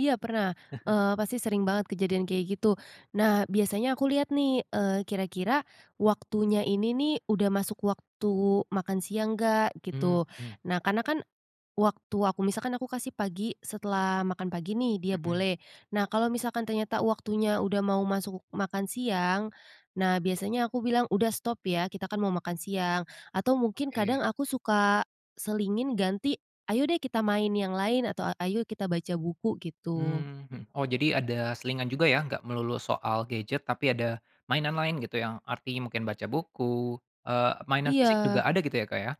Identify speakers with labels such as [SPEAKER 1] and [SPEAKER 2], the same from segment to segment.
[SPEAKER 1] Iya, pernah. Eee, pasti sering banget kejadian kayak gitu. Nah, biasanya aku lihat nih, eee, kira-kira waktunya ini nih, udah masuk waktu makan siang, nggak,
[SPEAKER 2] Mmm,
[SPEAKER 1] gitu.
[SPEAKER 2] mhm.
[SPEAKER 1] Nah, karena kan, waktu aku misalkan aku kasih pagi, setelah makan pagi nih, dia
[SPEAKER 2] Mhm.
[SPEAKER 1] boleh, nah, kalau misalkan ternyata waktunya udah mau masuk makan siang, nah, biasanya aku bilang, "Udah, stop, ya, kita kan mau makan siang." Atau mungkin kadang,
[SPEAKER 2] Oke.
[SPEAKER 1] aku suka selingin ganti, "Ayo deh, kita main yang lain." Atau, "Ayo, kita baca buku." Gitu.
[SPEAKER 2] Mmm. Hmm, oh, jadi ada selingan juga, ya, enggak melulu soal gadget, tapi ada mainan lain gitu, yang arti mungkin baca buku eee, mainan fisik juga
[SPEAKER 1] Iya.
[SPEAKER 2] ada gitu ya, Kak, ya?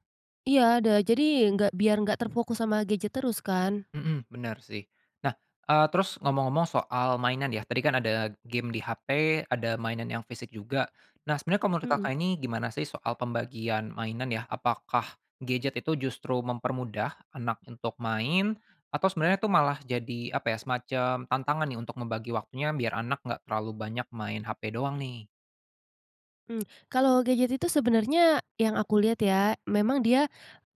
[SPEAKER 1] Iya, ada. Jadi, nggak biar nggak terfokus sama gadget terus, kan.
[SPEAKER 2] Mhm. Bener, sih. Nah, eee, terus, ngomong-ngomong soal mainan, ya, tadi kan ada game di HP, ada mainan yang fisik juga. Nah, sebenernya kalau menurut
[SPEAKER 1] Mhm.
[SPEAKER 2] Kakak ini, gimana sih, soal pembagian mainan ya, apakah gadget itu justru mempermudah anak untuk main, atau sebenarnya itu malah jadi, apa ya, semacam tantangan ya, untuk membagi waktunya, biar anak enggak terlalu banyak main HP doang, nih?
[SPEAKER 1] Mmm, kalau gadget itu sebenarnya yang aku lihat, ya, memang dia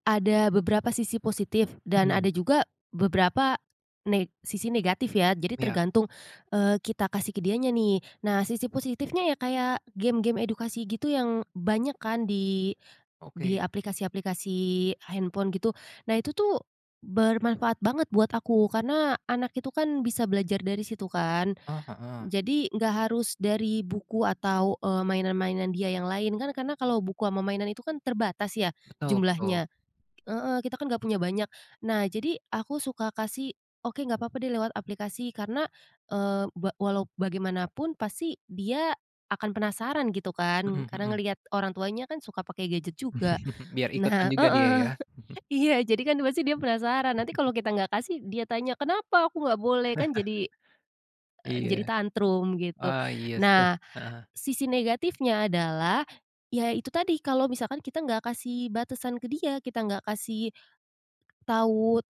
[SPEAKER 1] ada beberapa sisi positif, dan ada
[SPEAKER 2] Mhm.
[SPEAKER 1] juga beberapa ne sisi negatif, ya. Jadi,
[SPEAKER 2] Iya.
[SPEAKER 1] tergantung, eee, kita kasih ke dianya, nih. Nah, sisi positifnya ya kayak, game-game edukasi gitu yang banyak kan, di di
[SPEAKER 2] Oke.
[SPEAKER 1] aplikasi-aplikasi handphone, gitu. Nah, itu tuh, bermanfaat banget buat aku. Karena anak itu kan, bisa belajar dari situ, kan.
[SPEAKER 2] Eh, heeh.
[SPEAKER 1] Jadi, nggak harus dari buku, atau, eee, mainan-mainan dia yang lain. Kan karena kalau buku sama mainan itu kan, terbatas, ya
[SPEAKER 2] Betul betul.
[SPEAKER 1] jumlahnya. Heeh. Kita kan nggak punya banyak. Nah, jadi, aku suka kasih, "Oke, nggak papa deh, lewat aplikasi." Karena, eee, be walau bagaimanapun, pasti dia akan penasaran gitu, kan.
[SPEAKER 2] Mhm
[SPEAKER 1] Karena
[SPEAKER 2] mhm.
[SPEAKER 1] ngelihat orang tuanya kan suka pakai gadget juga.
[SPEAKER 2] Biar ikutan
[SPEAKER 1] Nah
[SPEAKER 2] juga dia,
[SPEAKER 1] heeh.
[SPEAKER 2] ya?
[SPEAKER 1] Iya, jadi kan pasti dia penasaran. Nanti kalau kita nggak kasih, dia tanya, "Kenapa aku nggak boleh?" kan jadi, eee,
[SPEAKER 2] Iya.
[SPEAKER 1] jadi tantrum, gitu.
[SPEAKER 2] Wah, iya, s eh,
[SPEAKER 1] Nah,
[SPEAKER 2] heeh heeh.
[SPEAKER 1] sisi negatifnya adalah, ya itu tadi, kalau misalkan kita nggak kasih batasan ke dia, kita nggak kasih tahu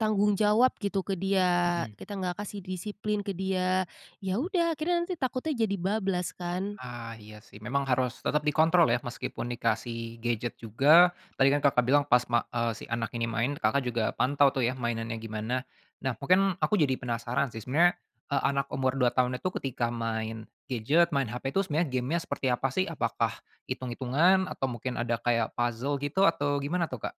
[SPEAKER 1] tanggung jawab gitu, ke dia,
[SPEAKER 2] Mhm.
[SPEAKER 1] kita nggak kasih disiplin ke dia. Ya udah, akhirnya nanti takutnya jadi bablas, kan.
[SPEAKER 2] Ah, iya, sih. Memang harus tetap dikontrol ya, meskipun dikasih gadget juga tadi kan Kakak bilang pas, ma eee, si anak ini main, Kakak juga pantau tuh, ya, mainannya gimana. Nah, mungkin aku jadi penasaran sih, sebenarnya, eee, anak umur 2 tahun itu, ketika main gadget, main HP, tuh sebenarnya game-nya seperti apa, sih? Apakah itung-itungan? Atau mungkin ada kayak puzzle, gitu, atau gimana tuh, Kak?